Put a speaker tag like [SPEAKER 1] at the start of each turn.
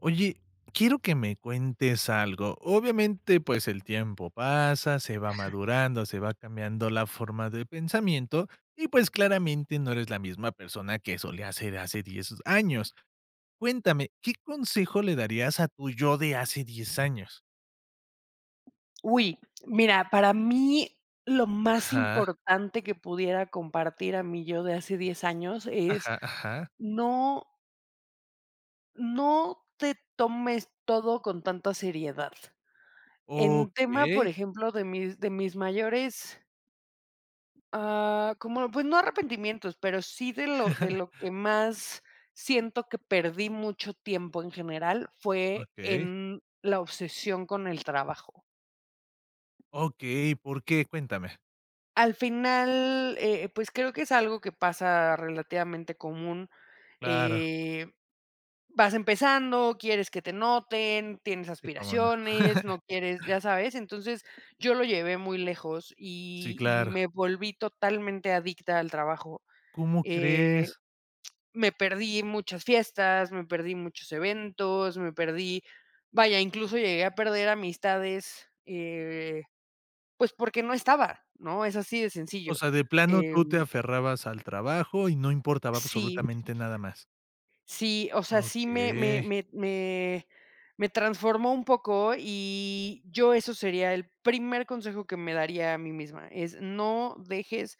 [SPEAKER 1] Oye, quiero que me cuentes algo. Obviamente, pues el tiempo pasa, se va madurando, se va cambiando la forma de pensamiento y, pues, claramente no eres la misma persona que solía ser hace 10 años. Cuéntame, ¿qué consejo le darías a tu yo de hace 10 años?
[SPEAKER 2] ¡Uy! Mira, para mí lo más
[SPEAKER 1] Ajá.
[SPEAKER 2] importante que pudiera compartir a mi yo de hace 10 años es
[SPEAKER 1] Ajá, ajá.
[SPEAKER 2] no no te tomes todo con tanta seriedad. En tema,
[SPEAKER 1] Okey.
[SPEAKER 2] por ejemplo, de mis de mis mayores ah, como pues no arrepentimientos, pero sí de lo de lo que más siento que perdí mucho tiempo en general fue,
[SPEAKER 1] Okey.
[SPEAKER 2] en la obsesión con el trabajo.
[SPEAKER 1] Okey, ¿por qué? Cuéntame.
[SPEAKER 2] Al final, eh, pues creo que es algo que pasa relativamente común.
[SPEAKER 1] Claro.
[SPEAKER 2] Eh, vas empezando, quieres que te noten, tienes
[SPEAKER 1] Sí, cómo no.
[SPEAKER 2] aspiraciones, no quieres ¿ya sabes? Entonces, yo lo llevé muy lejos
[SPEAKER 1] Sí,
[SPEAKER 2] y y
[SPEAKER 1] claro.
[SPEAKER 2] me volví totalmente adicta al trabajo.
[SPEAKER 1] ¿Cómo
[SPEAKER 2] Eh,
[SPEAKER 1] crees?
[SPEAKER 2] me perdí muchas fiestas, me perdí muchos eventos, me perdí vaya, incluso llegué a perder amistades, eh, pues porque no estaba, ¿no? Es así de
[SPEAKER 1] O
[SPEAKER 2] sencillo,
[SPEAKER 1] sea, de plano
[SPEAKER 2] eh
[SPEAKER 1] tú te aferrabas al trabajo y no importaba
[SPEAKER 2] sí
[SPEAKER 1] absolutamente nada más.
[SPEAKER 2] Sí, o sea, sí me me
[SPEAKER 1] Okey.
[SPEAKER 2] me me me transformó un poco y yo eso sería el primer consejo que me daría a mí misma. Es, no dejes